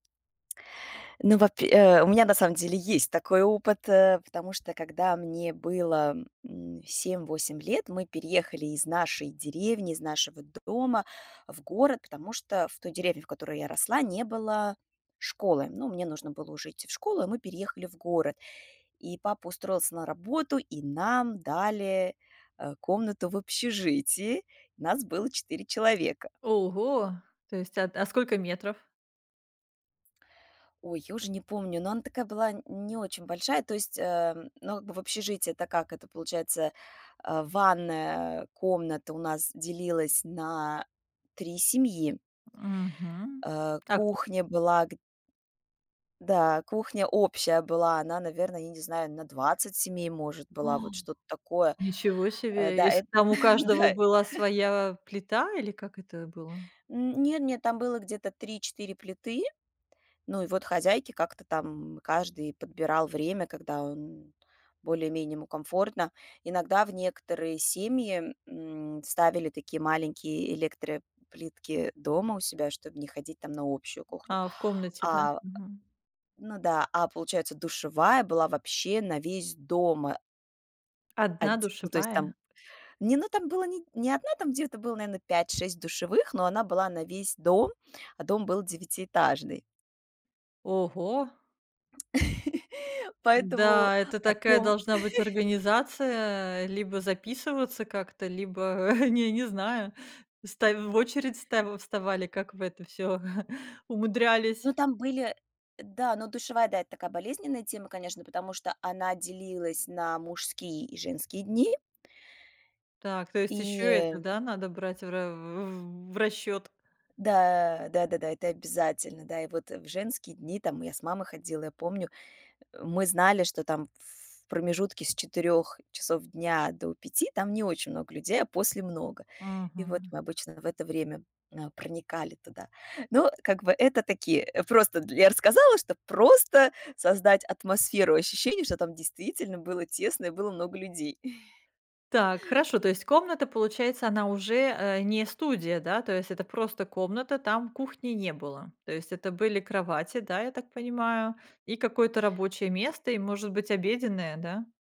Ну, вапь и, э, у меня на самом деле есть такой опыт, э, потому что, когда мне было, м, 7-8 лет, мы переехали из нашей деревни, из нашего дома в город, потому что в той деревне, в которой я росла, не было школы, но мне нужно было уже идти в школу, и мы переехали в город, и папа устроился на работу, и нам дали, а, комнату в общежитии, нас было 4 человека. Ого, то есть, ат а сколько метров? Ой, я уже не помню, но она такая была, н не очень большая, то есть, ам, ну, как бы, в общежитии, это как это получается, а, ванная комната у нас делилась на 3 семьи. Мгм. А Так по кухня была г Да, кухня общая была, она, наверно, я не знаю, на 20 семей, может, была, Ах, вот что-то такое. ничего Э, себе, да, и с эт там у каждого дай. была своя плита или как это было? Н нет нет, там было где-то 3-4 плиты. Ну и вот, хозяйки как-то там каждый подбирал время, когда он более-менее ему комфортно. Иногда в некоторые семьи, м, ставили такие маленькие электроплитки дома у себя, чтоб не ходить там на общую кухню, А, в комнате, да? а Мгм. ну да, а, получается, душевая была вообще на весь дома. 1 Адь ну, то есть, душевая? там не ну, там было не не 1, там где-то было, наверно, 5-6 душевых, но она была на весь дом, а дом был девятиэтажный. Ого! Поэтому Н-да, это о такая том должна быть организация, либо записываться как-то, либо, не не знаю, ставь в очередь, ставь вставали, как вы это всё Ну, умудрялись. там были да, но душевая, да, это такая болезненная тема, конечно, потому что она делилась на мужские и женские дни. Так, то есть И, ещё это, э да, надо брать в ра в расчёт? Да, да-да-да, это обязательно, да. И вот в женские дни там мы я с мамой ходила, я помню, э, мы знали, что там в промежутке с 4 часов дня до 5 там не очень много людей, а после много. И вот Мгм. мы обычно в это время на проникали туда. Но, как бы, это такие, э, просто дл я рассказала, чтоб просто создать атмосферу ощущений, что там действительно было тесно и было много людей. Так, хорошо, то есть комната, получается, она уже, э, не студия, да? То есть это просто комната, там кухни не было, то есть это были кровати, да, я так понимаю, и какое-то рабочее место и, может быть, обеденная, да?